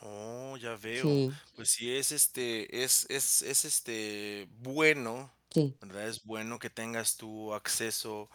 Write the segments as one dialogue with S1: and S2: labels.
S1: Oh, ya veo.
S2: Sí.
S1: Pues sí, es, este, es es es este, bueno,
S2: Sí.
S1: ¿verdad? Es bueno que tengas tú acceso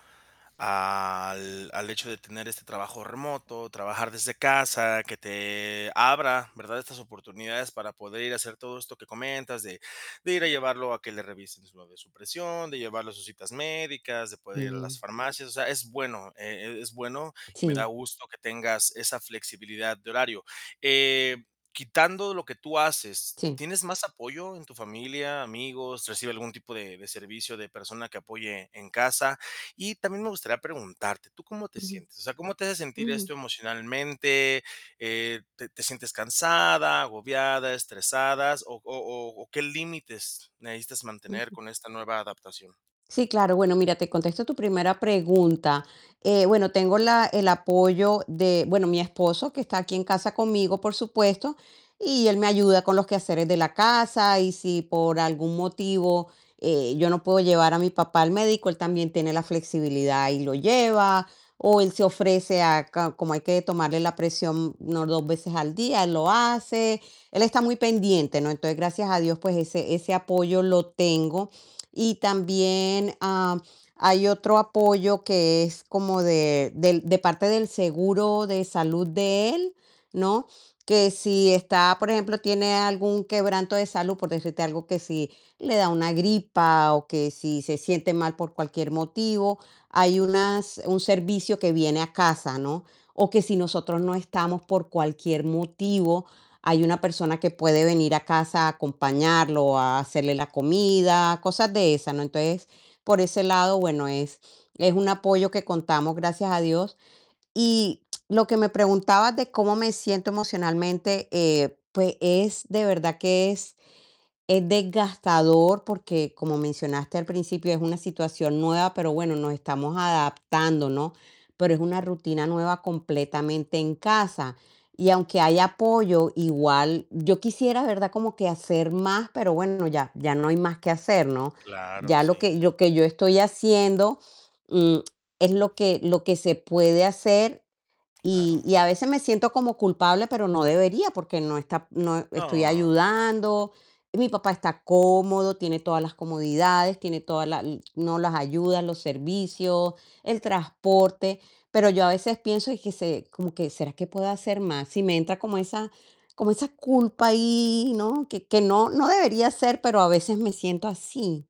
S1: al al hecho de tener este trabajo remoto, trabajar desde casa, que te abra, ¿verdad? Estas oportunidades para poder ir a hacer todo esto que comentas, de de ir a llevarlo a que le revisen suave su presión, de llevarlo a sus citas médicas, de poder ir a las
S2: Mm.
S1: farmacias. O sea es bueno, e e es bueno y me da
S2: Sí.
S1: gusto que tengas esa flexibilidad de horario. Eh, quitando lo que tú haces,
S2: Sí.
S1: ¿tienes más apoyo en tu familia, amigos, recibes algún tipo de de servicio de persona que apoye en casa? Y también me gustaría preguntarte, ¿tú cómo te
S2: Ujú.
S1: sientes? O sea, ¿cómo te hace sentir esto
S2: Ujú.
S1: emocionalmente? Eh, ¿te te sientes cansada, agobiada, estresadas, o o o o qué límites necesitas mantener
S2: Ujú.
S1: con esta nueva adaptación?
S2: Sí, claro. Bueno, mira, te contesto tu primera pregunta. Eh, bueno, tengo la el apoyo de bueno, mi esposo, que está aquí en casa conmigo, por supuesto, y él me ayuda con los quehaceres de la casa, y si por algún motivo yo no puedo llevar a mi papá al médico, él también tiene la flexibilidad y lo lleva, o él se ofrece a ca como hay que tomarle la presión unas 2 veces al día, él lo hace. Él está muy pendiente, ¿no? Entonces, gracias a Dios, pues ese ese apoyo lo tengo. Y también, am, hay otro apoyo que es como de del de parte del seguro de salud de él, ¿no? Que si está, por ejemplo, tiene algún quebranto de salud, por decirte algo, que si le da una gripa, o que si se siente mal por cualquier motivo, hay unas un servicio que viene a casa, ¿no? O que si nosotros no estamos por cualquier motivo, hay una persona que puede venir a casa a acompañarlo, o a hacerle la comida, cosas de esas, ¿no? Entonces, por ese lado, bueno, es es un apoyo que contamos, gracias a Dios. Y lo que me preguntabas de cómo me siento emocionalmente, eh, pues, es de verdad que es es desgastador, porque, como mencionaste al principio, es una situación nueva, pero bueno nos estamos adaptando, ¿no? Pero es una rutina nueva completamente en casa, y aunque hay apoyo, igual, yo quisiera, ¿verdad? Como que hacer más, pero bueno, ya ya no hay más que hacer, ¿no?
S1: Claro,
S2: Ya lo que
S1: sí.
S2: lo que yo estoy haciendo, mm, es lo que lo que se puede hacer, y
S1: Claro.
S2: y a veces me siento como culpable, pero no debería, porque no está noe estoy
S1: No.
S2: ayudando, y mi papá está cómodo, tiene todas las comodidades, tiene toda la l no, las ayudas, los servicios, el transporte, pero yo a veces pienso, y que se como que: "¿Será que puedo hacer más?". Sí, me entra como esa como esa culpa ahí, ¿no? Que que no no debería ser, pero a veces me siento así.